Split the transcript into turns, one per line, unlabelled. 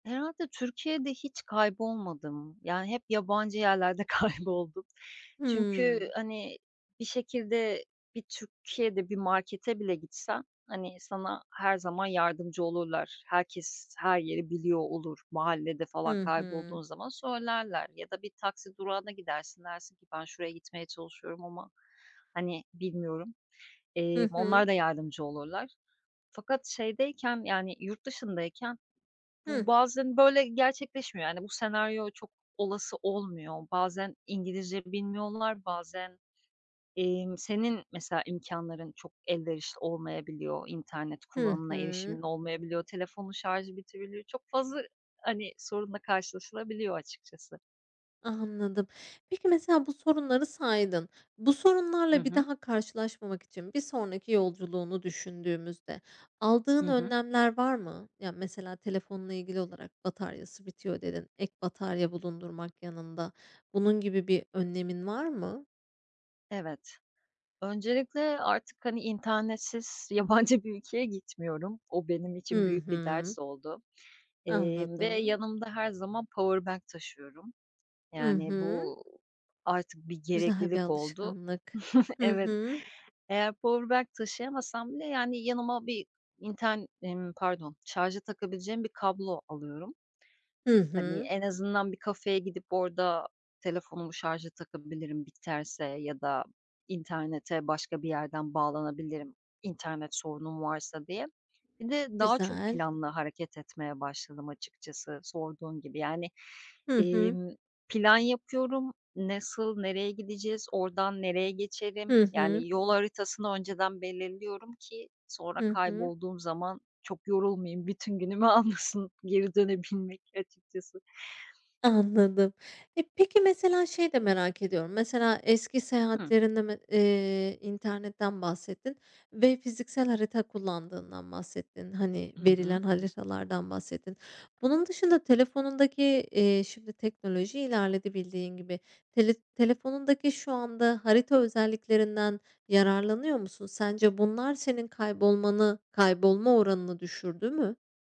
Herhâlde Türkiye'de hiç kaybolmadım. Yani, hep yabancı yerlerde kayboldum. Çünkü,
Hımm.
hani, bir şekilde bir Türkiye'de bir markete bile gitsen, hani, sana her zaman yardımcı olurlar. Herkes her yeri biliyor olur. Mahallede falan
Hı
kaybolduğun
hı.
zaman söylerler ya da bir taksi durağına gidersin, dersin ki; "Ben şuraya gitmeye çalışıyorum ama, hani, bilmiyorum." eee,
Hı hı.
onlar da yardımcı olurlar fakat şeydeyken, yani, yurt dışındayken
Hıh.
bu bazen, böyle, gerçekleşmiyor. Hani, bu senaryo çok olası olmuyor. Bazen İngilizce bilmiyorlar, bazen, emm, senin mesela imkânların çok elverişli olmayabiliyor, internet
Hı
kullanımına
hı.
erişimin olmayabiliyor, telefonun şarjı bitirebiliyor, çok fazla, hani, sorunla karşılaşılabiliyor açıkçası.
Anladım. Peki, mesela bu sorunları saydın. Bu
Hı
sorunlarla bir
hı.
daha karşılaşmamak için bir sonraki yolculuğunu düşündüğümüzde aldığın
Hı hı.
önlemler var mı? Ya, mesela telefonla ilgili olarak "Bataryası bitiyor." dedin, ek batarya bulundurmak yanında, bunun gibi bir önlemin var mı?
Evet. Öncelikle artık, hani, internetsiz yabancı bir ülkeye gitmiyorum. O benim için
Hı
büyük bir
hı.
ders oldu, eee, ve
Anladım.
yanımda her zaman powerbank taşıyorum.
Hı
Yani,
hı.
bu artık bir
Güzel bir
gereklilik oldu.
alışkanlık. Hı
Evet,
hı.
eğer powerbank taşıyamasam bile, yani, yanıma bir inter ımm, pardon şarja takabileceğim bir kablo alıyorum.
Hı
Hani,
hı.
en azından bir kafeye gidip orada telefonumu şarja takabilirim biterse ya da internete başka bir yerden bağlanabilirim, internet sorunum varsa diye. Bir de daha çok
Güzel.
planlı hareket etmeye başladım açıkçası sorduğun gibi, yani,
Hı hı.
emm, plan yapıyorum. Nasıl, nereye gideceğiz, ordan nereye geçerim,
Hı hı.
yani, yol haritasını önceden belirliyorum ki sonra
Hı hı.
kaybolduğum zaman çok yorulmayayım. Bütün günümü almasın geri dönebilmek açıkçası.
Anladım. E, peki, mesela şeyi de merak ediyorum. Mesela eski
Hıh.
seyahatlerinden me eee, internetten bahsettin ve fiziksel harita kullandığından bahsettin. Hani,
Hı hı.
verilen haritalardan bahsettin. Bunun dışında telefonundaki, eee, şimdi teknoloji ilerledi bildiğin gibi. Tele telefonundaki şu anda harita özelliklerinden yararlanıyor musun? Sence bunlar senin kaybolmanı, kaybolma oranını düşürdü mü?